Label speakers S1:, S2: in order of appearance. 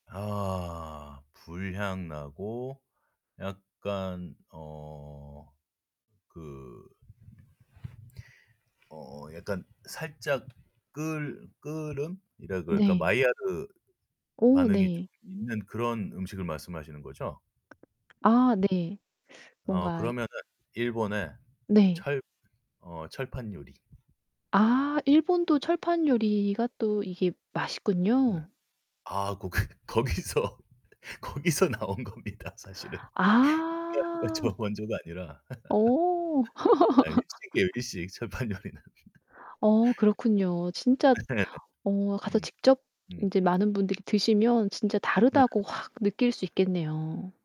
S1: 아 불향나고 약간 어 그 어 약간 살짝 그을 그을음이라 그럴까
S2: 네.
S1: 마이야르
S2: 오
S1: 반응이 좀
S2: 네.
S1: 있는 그런 음식을 말씀하시는 거죠?
S2: 아 네.
S1: 어
S2: 뭔가
S1: 그러면은 일본의
S2: 네.
S1: 철 어 철판요리.
S2: 아. 일본도 철판요리가 또 이게
S1: 네.
S2: 맛있군요.
S1: 아 거기 거기서 거기서 나온 겁니다. 사실은. [unintelligible] 가
S2: 아.
S1: 저 원조가 아니라.
S2: 오.
S1: 일식이에요 일식. 철판요리는.
S2: 오 그렇군요. 진짜
S1: 네.
S2: 어 가서
S1: 음.
S2: 직접
S1: 음.
S2: 인제 많은 분들이 드시면 진짜
S1: 네.
S2: 다르다고 확 느낄 수 있겠네요.